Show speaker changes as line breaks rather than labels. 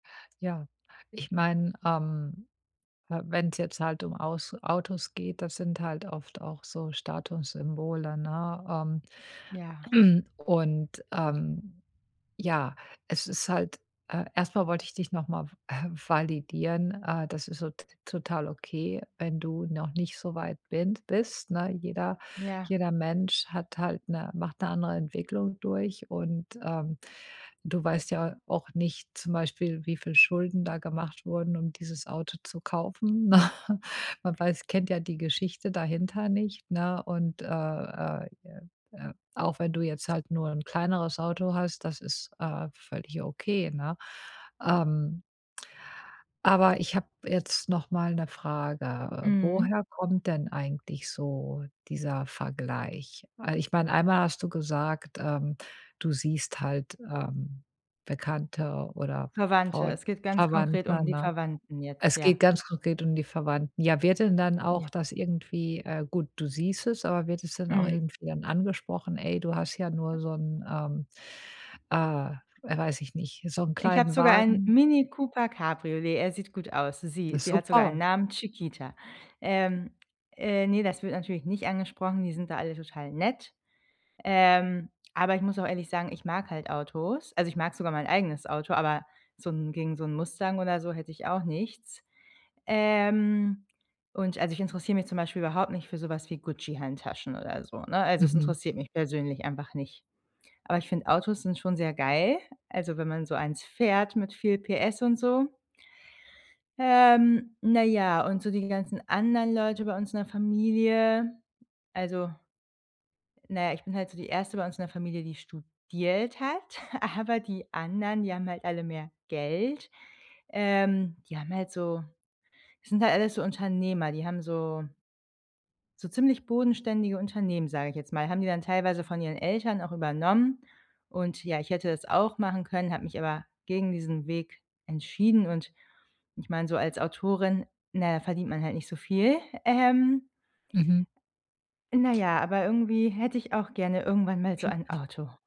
Ja, ich mein, ähm, ha wenn’s jetzt halt um aus Autos geht, das sind halt oft auch so Statussymbole, ne?
Ja.
Ähm. Und, ähm, ja, es ist halt, äh, erst mal wollte ich dich noch mal,, validieren. Äh, das ist so t total okay, wenn du noch nicht so weit bin bist, ne? Jeder
Ja.
jeder Mensch hat halt 'ne macht 'ne andere Entwicklung durch. Und, ähm, du weißt ja auch nicht, zum Beispiel, wie viel Schulden da gemacht wurden, um dieses Auto zu kaufen. Man weiß kennt ja die Geschichte dahinter nicht, ne? Und, äh äh äh äh, auch wenn du jetzt halt nur ’n kleineres Auto hast, das ist, äh, völlig okay, ne? Ähm aber ich hab jetzt noch mal 'ne Frage, äh.
Mhm.
Woher kommt denn eigentlich so dieser Vergleich? Weil ich mein, einmal hast du gesagt, ähm, du siehst halt, ähm, Bekannte oder
Verwandte,
Freu
es geht ganz konkret um
Verwandte,
die
ne?
Verwandten jetzt,
Es geht
ja.
ganz konkret um die Verwandten. Ja, wird denn dann auch
Ja.
das irgendwie äh, gut, du siehst es aber wird es dann auch
Mhm.
irgendwie dann angesprochen: „Ey, du hast ja nur so 'n ähm, äh, weiß ich nicht, so 'n
Ich habe
kleinen
sogar einen
Wagen?“
Mini Cooper Cabriolet. Er sieht gut aus. Sie sie hat sogar einen
Super.
Namen, Chiquita. Ähm. Äh, ne, das wird natürlich nicht angesprochen. Die sind da alle total nett. Ähm, aber ich muss auch ehrlich sagen, ich mag halt Autos. Also, ich mag sogar mein eigenes Auto, aber so 'n gegen so 'n Mustang oder so hätt ich auch nichts. Ähm. Und also ich interessiere mich zum Beispiel überhaupt nicht für so was wie Gucci-Handtaschen oder so, ne? Also, es
Mhm.
interessiert mich persönlich einfach nicht. Aber ich finde, Autos sind schon sehr geil, also wenn man so einen fährt, mit viel Pferdestärke und so. Ähm, na ja, und so die ganzen anderen Leute bei uns in der Familie, also na ja, ich bin halt so die 1. bei uns in der Familie, die studiert hat, aber die anderen, die haben halt alle mehr Geld. Ähm, die haben halt so sind halt alles so Unternehmer, die haben so so ziemlich bodenständige Unternehmen- sage ich jetzt mal- haben die dann teilweise von ihren Eltern auch übernommen. Und ja, ich hätte das auch machen können, hab mich aber gegen diesen Weg entschieden. Und ich meine, so als Autorin, na ja, verdient man halt nicht so viel, ähm.
Mhm.
Na ja, aber irgendwie hätte ich auch gerne irgendwann mal so ein
[unintelligible]
Auto.